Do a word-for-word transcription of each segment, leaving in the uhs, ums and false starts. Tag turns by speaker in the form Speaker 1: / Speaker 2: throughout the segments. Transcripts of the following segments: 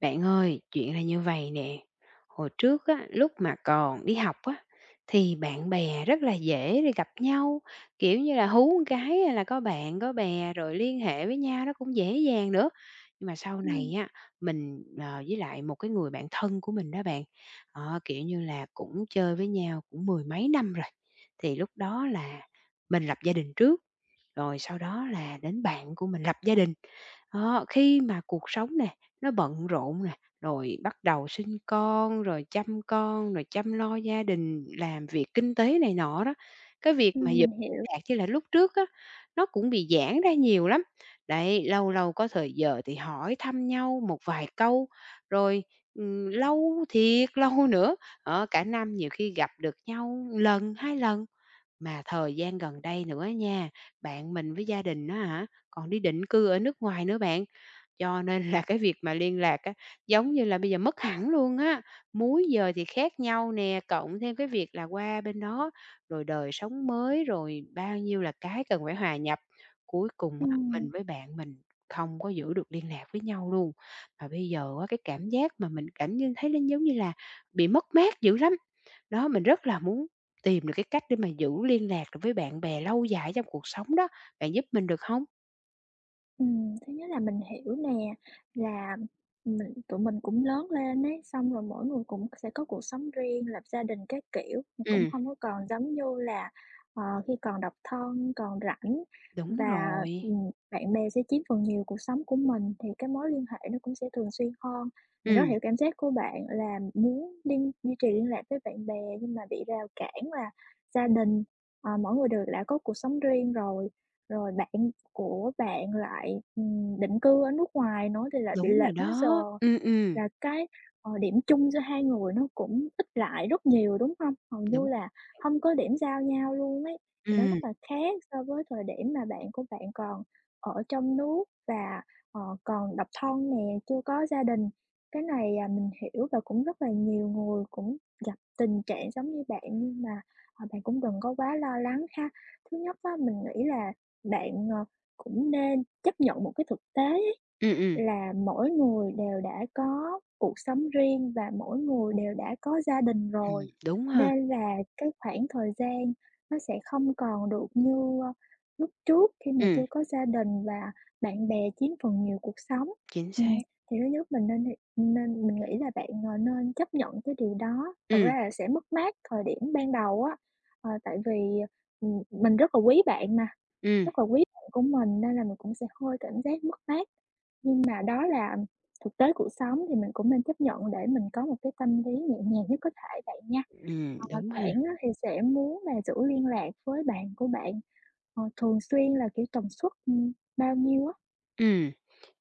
Speaker 1: Bạn ơi, chuyện là như vầy nè, hồi trước á, lúc mà còn đi học á thì bạn bè rất là dễ để gặp nhau, kiểu như là, hú một cái hay là có bạn có bè rồi liên hệ với nhau nó cũng dễ dàng nữa. Nhưng mà sau
Speaker 2: Ừm.
Speaker 1: này á mình, ờ, với lại một cái người bạn thân của mình đó bạn, đó, kiểu như là, cũng chơi với nhau cũng mười mấy năm rồi. Thì lúc đó là mình lập gia đình trước, rồi sau đó là đến bạn của mình lập gia đình. Đó, khi mà cuộc sống nẻ nó bận rộn nè, rồi bắt đầu sinh con, rồi chăm con, rồi chăm lo gia đình, làm việc kinh tế này nọ đó, cái việc mà
Speaker 2: Ừm,
Speaker 1: vẫn
Speaker 2: mình hiểu.
Speaker 1: lạc như là lúc trước á, nó cũng bị giãn ra nhiều lắm. Đấy, lâu lâu có thời giờ thì hỏi thăm nhau một vài câu, rồi, ừm, lâu thiệt lâu nữa, đó, cả năm nhiều khi gặp được nhau ừn lần, hai lần, mà thời gian gần đây nữa á nha, bạn mình với gia đình á hả, còn đi định cư ở nước ngoài nữa bạn. Cho nên là cái việc mà liên lạc á, giống như là, bây giờ mất hẳn luôn á, múi giờ thì khác nhau nè, cộng thêm cái việc là qua bên đó rồi đời sống mới, rồi bao nhiêu là cái cần phải hòa nhập. Cuối cùng á
Speaker 2: Ừm.
Speaker 1: mình với bạn mình không có giữ được liên lạc với nhau luôn. Và bây giờ á cái cảm giác mà mình cảm như thấy nó giống như là bị mất mát dữ lắm. Đó, mình rất là muốn tìm được cái cách để mà giữ liên lạc được với bạn bè lâu dài ở trong cuộc sống đó. Bạn giúp mình được không?
Speaker 2: Ừm, thứ nhất là mình hiểu nè, là mình tụi mình cũng lớn lên ấy, xong rồi mỗi người cũng sẽ có cuộc sống riêng, lập gia đình các kiểu, thì cũng
Speaker 1: Ừm.
Speaker 2: hông có còn giống như là, ờ, khi còn độc thân, còn rảnh
Speaker 1: Đúng
Speaker 2: và,
Speaker 1: rồi.
Speaker 2: ừm, bạn bè sẽ chiếm phần nhiều cuộc sống của mình, thì cái mối liên hệ nó cũng sẽ thường xuyên hơn, mình rất
Speaker 1: Ừm.
Speaker 2: hiểu cảm giác của bạn là muốn liên duy trì liên lạc với bạn bè, nhưng mà bị rào cản là gia đình, ờ, mỗi người đều lã có cuộc sống riêng rồi. Rồi bạn của bạn lại, ừm, định cư ở nước ngoài nữa thì lại bị
Speaker 1: Đúng rồi
Speaker 2: lệch múi giờ
Speaker 1: đó. Ừm, ừm.
Speaker 2: là cái, ờ, điểm chung giữa hai người nó cũng ít lại rất nhiều, đúng hông? Hầu như
Speaker 1: Đúng.
Speaker 2: là hông có điểm giao nhau luôn ấy. Thì nó rất
Speaker 1: Ừm.
Speaker 2: là khác so với thời điểm mà bạn của bạn còn ở trong nước và, ờ, còn độc thân nè, chưa có gia đình. Cái này, à, mình hiểu và cũng rất là nhiều người cũng gặp tình trạng giống như bạn nhưng mà, ờ, bạn cũng đừng có quá lo lắng ha. Thứ nhất á, mình nghĩ là bạn, ờ, cũng nên chấp nhận một cái thực tế
Speaker 1: Ừm, ừm.
Speaker 2: là mỗi người đều đã có cuộc sống riêng và mỗi người đều đã có gia đình
Speaker 1: Ừm,
Speaker 2: rồi,
Speaker 1: đúng ha.
Speaker 2: nên là cái khoảng thời gian nó sẽ không còn được như, a, lúc trước khi mà
Speaker 1: Ừm.
Speaker 2: chưa có gia đình và bạn bè chiếm phần nhiều cuộc sống.
Speaker 1: Chính
Speaker 2: Ừm,
Speaker 1: xác.
Speaker 2: thì thứ nhất mình nên h nên mình nghĩ là bạn, ờ, nên chấp nhận cái điều đó, thật
Speaker 1: Ừm.
Speaker 2: ra là sẽ mất mát thời điểm ban đầu á, ờ, tại vì, ừm, mình rất là quý bạn mà,
Speaker 1: Ừm.
Speaker 2: rất là quý bạn của mình nên là mình cũng sẽ hơi cảm giác mất mát. Nhưng mà đó là thực tế cuộc sống, thì mình cũng nên chấp nhận để mình có một cái tâm lý nhẹ nhàng nhất có thể bạn nha.
Speaker 1: Ừm,
Speaker 2: Hoặc là
Speaker 1: đúng ha.
Speaker 2: bạn á thì sẽ muốn là giữ liên lạc với bạn của bạn, ờ, thường xuyên là, kiểu, tần suất, ừm, bao nhiêu á?
Speaker 1: Ừm,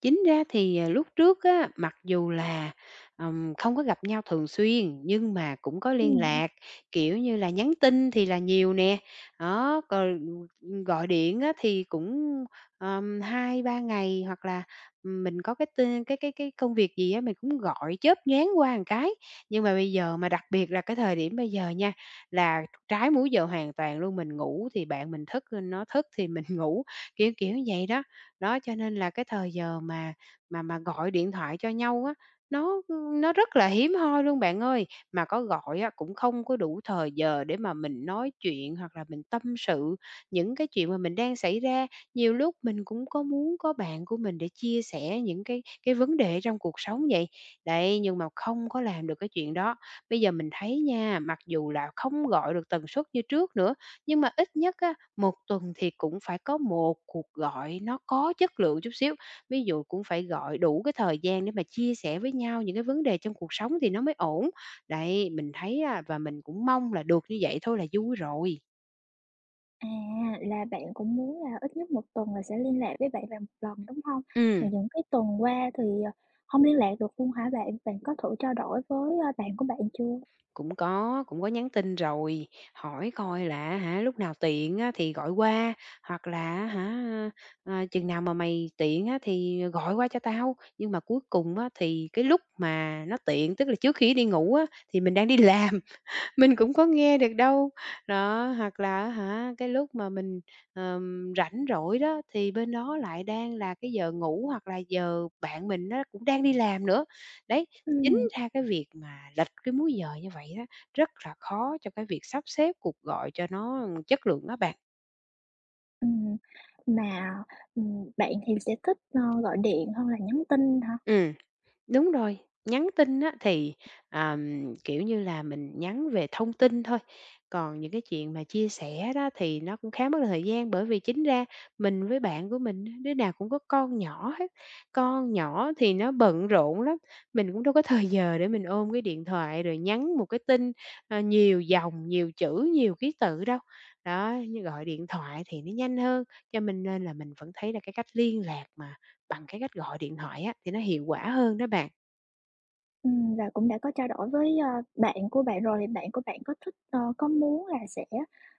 Speaker 1: chính ra thì, ờ, lúc trước á, mặc dù là, ừm, không có gặp nhau thường xuyên nhưng mà cũng có liên
Speaker 2: Ừm.
Speaker 1: lạc, kiểu như là, nhắn tin thì là nhiều nè, đó, còn, ừm, ừm, gọi điện á thì cũng, ờm, hai ba ngày hoặc là mình có cái tên cái cái cái công việc gì á mình cũng gọi chớp nhoáng qua ừn cái. Nhưng mà bây giờ mà đặc biệt là cái thời điểm bây giờ nha, là trái múi giờ hoàn toàn luôn, mình ngủ thì bạn mình thức, bên nó thức thì mình ngủ, kiểu, kiểu vậy đó! Đó, cho nên là cái thời giờ mà mà mà gọi điện thoại cho nhau á, nó, ưm, nó rất là hiếm hoi luôn bạn ơi. Mà có gọi á, cũng không có đủ thời giờ để mà mình nói chuyện hoặc là mình tâm sự những cái chuyện mà mình đang xảy ra. Nhiều lúc mình cũng có muốn có bạn của mình để chia sẻ những cái cái vấn đề ở trong cuộc sống vậy. Đấy, nhưng mà không có làm được cái chuyện đó. Bây giờ mình thấy nha, mặc dù là không gọi được tần suất như trước nữa, nhưng mà ít nhất á, một tuần thì cũng phải có một cuộc gọi nó có chất lượng chút xíu, ví dụ cũng phải gọi đủ cái thời gian để mà chia sẻ với nhau những cái vấn đề trong cuộc sống thì nó mới ổn. Đấy, mình thấy á, và mình cũng mong là được như vậy thôi là vui rồi.
Speaker 2: À, là bạn cũng muốn là ít nhất một tuần là sẽ liên lạc với bạn bè một lần, đúng hông? Mà
Speaker 1: Ừm.
Speaker 2: những cái tuần qua thì, ờ, hông liên lạc được luôn hả bạn? Bạn có thử trao đổi với, a, bạn của bạn chưa?
Speaker 1: Cũng có, cũng có nhắn tin rồi, hỏi coi là, á hả, lúc nào tiện á thì gọi qua, hoặc là á hả, à, "Chừng nào mà mày tiện á, thì gọi qua cho tao." Nhưng mà cuối cùng á, thì cái lúc mà nó tiện, tức là trước khi nó đi ngủ á, thì mình đang đi làm, mình cũng có nghe được đâu. Đó, hoặc là á hả, cái lúc mà mình, ờm, rảnh rỗi đó thì bên đó lại đang là cái giờ ngủ hoặc là giờ bạn mình á, cũng đang đi làm nữa. Đấy, chính
Speaker 2: Ừm.
Speaker 1: ra cái việc mà lệch cái múi giờ như vậy á, rất là khó cho cái việc sắp xếp cuộc gọi cho nó, ưm, chất lượng á bạn.
Speaker 2: Ừm, mà, ừm, bạn thì sẽ thích, ờ, gọi điện hơn là nhắn tin hả?
Speaker 1: Ừm, đúng rồi, nhắn tin á thì, ờm, kiểu như là, mình nhắn về thông tin thôi, còn những cái chuyện mà chia sẻ đó thì nó cũng khá mất thời gian. Bởi vì chính ra mình với bạn của mình á, đứa nào cũng có con nhỏ hết, con nhỏ thì nó bận rộn lắm, mình cũng đâu có thời giờ để mình ôm cái điện thoại rồi nhắn một cái tin, ờ, nhiều dòng, nhiều chữ, nhiều ký tự đâu. Đó, như gọi điện thoại thì nó nhanh hơn, cho mình nên là mình vẫn thấy là cái cách liên lạc mà bằng cái cách gọi điện thoại á, thì nó hiệu quả hơn đó bạn.
Speaker 2: Ừm, và cũng đã có trao đổi với, a, bạn của bạn rồi, bạn của bạn có thích, ơ, có muốn là sẽ,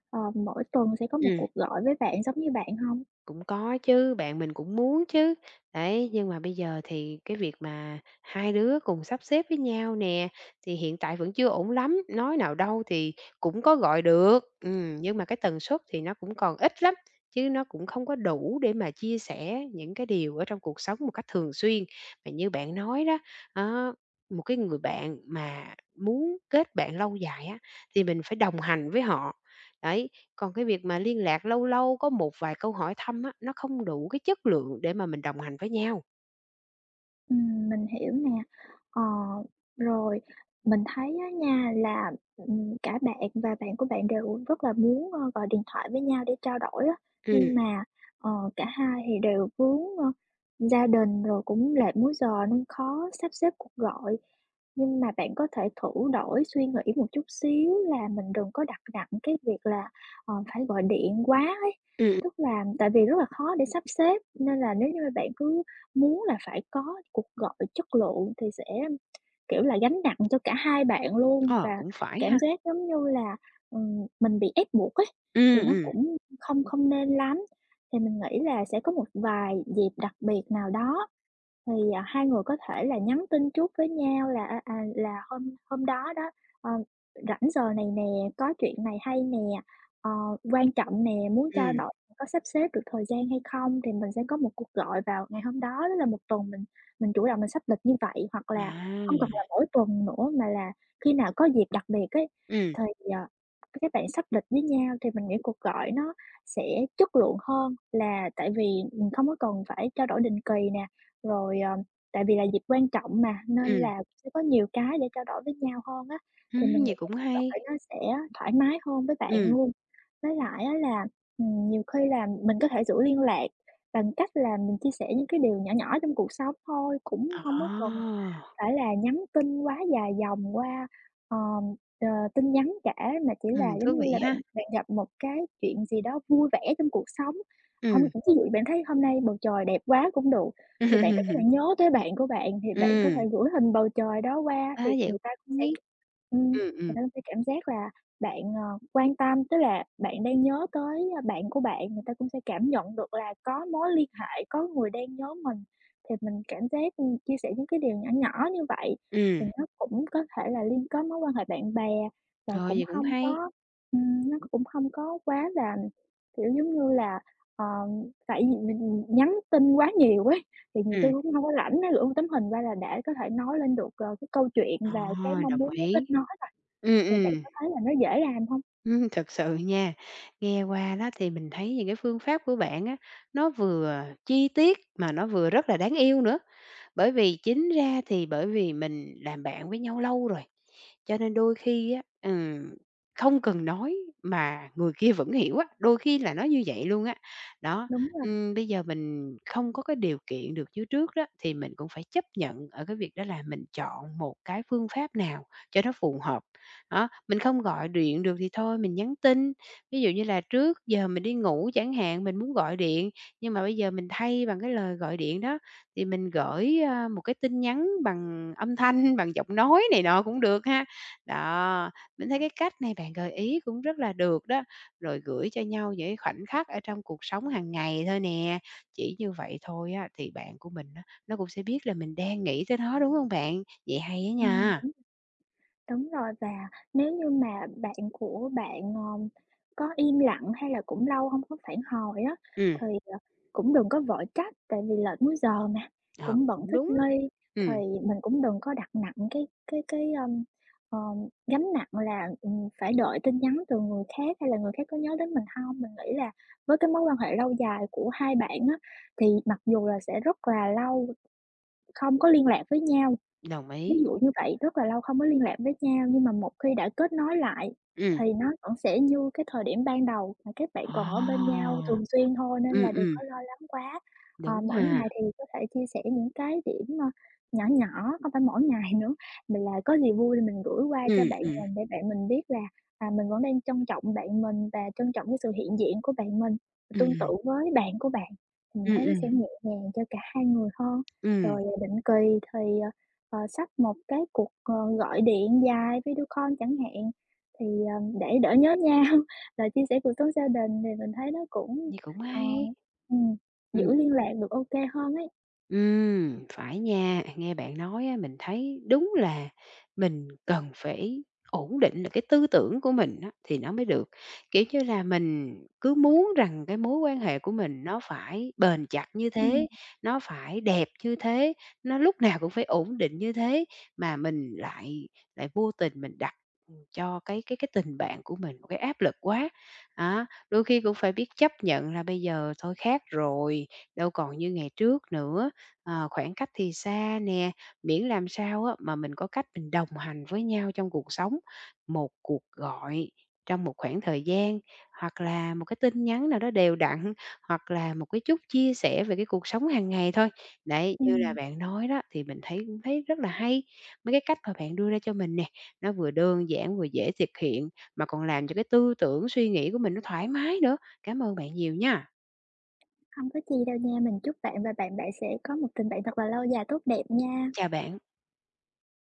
Speaker 2: ờ, mỗi tuần sẽ có một
Speaker 1: Ừm.
Speaker 2: cuộc gọi với bạn giống như bạn hông?
Speaker 1: Cũng có chứ, bạn mình cũng muốn chứ. Đấy, nhưng mà bây giờ thì cái việc mà hai đứa cùng sắp xếp với nhau nè, thì hiện tại vẫn chưa ổn lắm. Nói nào đâu thì cũng có gọi được, ừm, nhưng mà cái tần suất thì nó cũng còn ít lắm, chứ nó cũng không có đủ để mà chia sẻ những cái điều ở trong cuộc sống một cách thường xuyên. Mà như bạn nói đó, á, một cái người bạn mà muốn kết bạn lâu dài á, thì mình phải đồng hành với họ. Đấy, còn cái việc mà liên lạc lâu lâu có một vài câu hỏi thăm á, nó không đủ cái chất lượng để mà mình đồng hành với nhau.
Speaker 2: Ừm, mình hiểu nè. Ờ, rồi. Mình thấy á nha, là, ừm, cả bạn và bạn của bạn đều rất là muốn, ơ, gọi điện thoại với nhau để trao đổi á,
Speaker 1: Ừm.
Speaker 2: nhưng mà, ờ, cả hai thì đều vướng, ơ, gia đình rồi cũng lệch múi giờ nên khó sắp xếp cuộc gọi. Nhưng mà bạn có thể thử đổi suy nghĩ một chút xíu là mình đừng có đặt nặng cái việc là, ờ, phải gọi điện quá ấy,
Speaker 1: Ừm.
Speaker 2: tức là tại vì rất là khó để sắp xếp nên là nếu như mà bạn cứ muốn là phải có cuộc gọi chất lượng thì sẽ, kiểu, là gánh nặng cho cả hai bạn luôn
Speaker 1: Ờ,
Speaker 2: và
Speaker 1: cũng phải
Speaker 2: cảm
Speaker 1: ha.
Speaker 2: giác giống như là, ừm, mình bị ép buộc ấy, thì
Speaker 1: Ừm,
Speaker 2: nó
Speaker 1: ừm.
Speaker 2: cũng không không nên lắm. Thì mình nghĩ là sẽ có một vài dịp đặc biệt nào đó thì, à, hai người có thể là nhắn tin trước với nhau là, à, à, là hôm hôm đó đó, ờ, rảnh giờ này nè, có chuyện này hay nè, ờ, quan trọng nè muốn trao
Speaker 1: Ừm.
Speaker 2: đổi, có sắp xếp được thời gian hay không? Thì mình sẽ có một cuộc gọi vào ngày hôm đó, tức là một tuần mình mình chủ động mình sắp lịch như vậy, hoặc là hông cần là
Speaker 1: À!
Speaker 2: mỗi tuần nữa mà là khi nào có dịp đặc biệt ấy,
Speaker 1: Ừm.
Speaker 2: thì, ờ, các bạn sắp lịch với nhau thì mình nghĩ cuộc gọi nó sẽ chất lượng hơn, là tại vì mình không có cần phải trao đổi định kỳ nè. Rồi, ờm, tại vì là dịp quan trọng mà, nên
Speaker 1: Ừm.
Speaker 2: là sẽ có nhiều cái để trao đổi với nhau hơn á, thì mình
Speaker 1: Ừm,
Speaker 2: nghĩ
Speaker 1: vậy cũng hay.
Speaker 2: gọi nó sẽ thoải mái hơn với bạn
Speaker 1: Ừm.
Speaker 2: luôn. Với lại á là, ừm, nhiều khi là mình có thể giữ liên lạc bằng cách là mình chia sẻ những cái điều nhỏ nhỏ trong cuộc sống thôi, cũng hông có cần
Speaker 1: À!
Speaker 2: phải là nhắn tin quá dài dòng qua, ờm, ờ, tin nhắn cả mà chỉ
Speaker 1: Ừm,
Speaker 2: là giống
Speaker 1: thú
Speaker 2: như
Speaker 1: vị
Speaker 2: là bạn
Speaker 1: ha!
Speaker 2: bạn gặp một cái chuyện gì đó vui vẻ trong cuộc sống. Hôm ví
Speaker 1: Ừm.
Speaker 2: dụ như bạn thấy hôm nay bầu trời đẹp quá cũng được, thì bạn cảm giác bạn nhớ tới bạn của bạn thì bạn có thể
Speaker 1: Ừm.
Speaker 2: gửi hình bầu trời đó qua,
Speaker 1: A,
Speaker 2: thì
Speaker 1: vậy
Speaker 2: người ta cũng sẽ,
Speaker 1: [unintelligible]
Speaker 2: ừm, người
Speaker 1: ừm, ừm.
Speaker 2: ta cũng sẽ cảm giác là bạn, ờ, quan tâm, tức là bạn đang nhớ tới, a, bạn của bạn, người ta cũng sẽ cảm nhận được là có mối liên hệ, có người đang nhớ mình. Thì mình cảm giác, ừm, chia sẻ những cái điều nhỏ nhỏ như vậy thì
Speaker 1: Ừm.
Speaker 2: nó cũng có thể là liên kết mối quan hệ bạn bè và
Speaker 1: Rồi,
Speaker 2: cũng
Speaker 1: vậy cũng
Speaker 2: hông
Speaker 1: hay.
Speaker 2: có, ừm nó cũng hông có quá là, kiểu, giống như là, ờ tại vì mình nhắn tin quá nhiều ấy, thì nhiều khi
Speaker 1: Ừm.
Speaker 2: cũng hông có rảnh á, gửi một tấm hình qua là để có thể nói lên được, ờ, cái câu chuyện
Speaker 1: Ờ,
Speaker 2: và cái mong
Speaker 1: đồng
Speaker 2: muốn muốn kết
Speaker 1: ý.
Speaker 2: nối rồi.
Speaker 1: Ừm,
Speaker 2: Thì bạn
Speaker 1: ừm.
Speaker 2: có thấy là nó dễ làm hông?
Speaker 1: Thật sự nha. Nghe qua đó thì mình thấy những cái phương pháp của bạn á, nó vừa chi tiết mà nó vừa rất là đáng yêu nữa, bởi vì chính ra thì bởi vì mình làm bạn với nhau lâu rồi, cho nên đôi khi á, ừm, không cần nói mà người kia vẫn hiểu á, đôi khi là nói như vậy luôn á. Đó.
Speaker 2: Đúng rồi.
Speaker 1: Ừm, bây giờ mình không có cái điều kiện được như trước đó thì mình cũng phải chấp nhận ở cái việc đó là mình chọn một cái phương pháp nào cho nó phù hợp. Đó, mình không gọi điện được thì thôi, mình nhắn tin, ví dụ như là trước giờ mình đi ngủ chẳng hạn, mình muốn gọi điện, nhưng mà bây giờ mình thay bằng cái lời gọi điện đó thì mình gởi, ơ, một cái tin nhắn bằng âm thanh, bằng giọng nói này nọ cũng được ha. Đó, mình thấy cái cách này bạn gợi ý cũng rất là được đó. Rồi gửi cho nhau những cái khoảnh khắc ở trong cuộc sống hàng ngày thôi nè. Chỉ như vậy thôi á thì bạn của mình á, nó cũng sẽ biết là mình đang nghĩ tới nó, đúng hông bạn? Vậy hay á
Speaker 2: Ừm,
Speaker 1: nha.
Speaker 2: đúng. Đúng rồi và nếu như mà bạn của bạn, ờm, có im lặng hay là cũng lâu hông có phản hồi á,
Speaker 1: Ừm.
Speaker 2: thì, à, cũng đừng có vội trách tại vì lệch múi giờ mà,
Speaker 1: Ờ,
Speaker 2: cũng bận
Speaker 1: cũng
Speaker 2: thích
Speaker 1: đúng.
Speaker 2: nghi. Thì
Speaker 1: Ừm.
Speaker 2: mình cũng đừng có đặt nặng cái cái cái, ơm, ờm, gánh nặng là, ừm, phải đợi tin nhắn từ người khác hay là người khác có nhớ đến mình hông. Mình nghĩ là với cái mối quan hệ lâu dài của hai bạn á, thì mặc dù là sẽ rất là lâu không có liên lạc với nhau,
Speaker 1: Đồng
Speaker 2: ví
Speaker 1: ý.
Speaker 2: dụ như vậy, rất là lâu không có liên lạc với nhau, nhưng mà một khi đã kết nối lại
Speaker 1: Ừm.
Speaker 2: thì nó vẫn sẽ như cái thời điểm ban đầu mà các bạn
Speaker 1: Ờ.
Speaker 2: còn ở bên nhau thường xuyên thôi, nên
Speaker 1: Ừm,
Speaker 2: là đừng
Speaker 1: ừm.
Speaker 2: có lo lắng quá. Ờ,
Speaker 1: Đúng
Speaker 2: mỗi
Speaker 1: ha.
Speaker 2: ngày thì có thể chia sẻ những cái điểm, ơ, nhỏ nhỏ, không phải mỗi ngày nữa mà là có gì vui mình gửi qua cho
Speaker 1: Ừm,
Speaker 2: bạn
Speaker 1: ừm.
Speaker 2: mình để bạn mình biết là, à, mình vẫn đang trân trọng bạn mình, và trân trọng cái sự hiện diện của bạn mình. Tương tự
Speaker 1: Ừm.
Speaker 2: với bạn của bạn, mình
Speaker 1: Ừm,
Speaker 2: thấy nó
Speaker 1: ừm.
Speaker 2: sẽ nhẹ nhàng cho cả hai người hơn.
Speaker 1: Ừm.
Speaker 2: Rồi, à, định kỳ thì, ờ, ờ, sắp một cái cuộc, ờ, gọi điện dài video call chẳng hạn, thì, ờm, để đỡ nhớ nhau và chia sẻ cuộc sống gia đình, thì mình thấy nó cũng,
Speaker 1: Vậy cũng
Speaker 2: ờ,
Speaker 1: hay.
Speaker 2: ừm,
Speaker 1: Ừm.
Speaker 2: giữ liên lạc được ô kê hơn ấy.
Speaker 1: Ừm, phải nha, nghe bạn nói á, mình thấy đúng là mình cần phải ổn định cái tư tưởng của mình á, thì nó mới được. Kiểu như là, mình cứ muốn rằng cái mối quan hệ của mình nó phải bền chặt như
Speaker 2: Ừm.
Speaker 1: thế, nó phải đẹp như thế, nó lúc nào cũng phải ổn định như thế, mà mình lại lại vô tình mình đặt, ừm, cho cái cái cái tình bạn của mình cái áp lực quá. Á, đôi khi cũng phải biết chấp nhận là bây giờ thôi khác rồi, đâu còn như ngày trước nữa, ờ, khoảng cách thì xa nè, miễn làm sao á, mà mình có cách mình đồng hành với nhau trong cuộc sống, một cuộc gọi trong một khoảng thời gian, hoặc là một cái tin nhắn nào đó đều đặn, hoặc là một cái chút chia sẻ về cái cuộc sống hàng ngày thôi. Đấy, như là
Speaker 2: Ừm.
Speaker 1: bạn nói đó, thì mình thấy cũng thấy rất là hay, mấy cái cách mà bạn đưa ra cho mình nè, nó vừa đơn giản vừa dễ thực hiện, mà còn làm cho cái tư tưởng suy nghĩ của mình nó thoải mái nữa. Cảm ơn bạn nhiều nha.
Speaker 2: Hông có chi đâu nha. Mình chúc bạn và bạn bạn sẽ có một tình bạn thật là lâu dài, tốt đẹp nha.
Speaker 1: Chào bạn.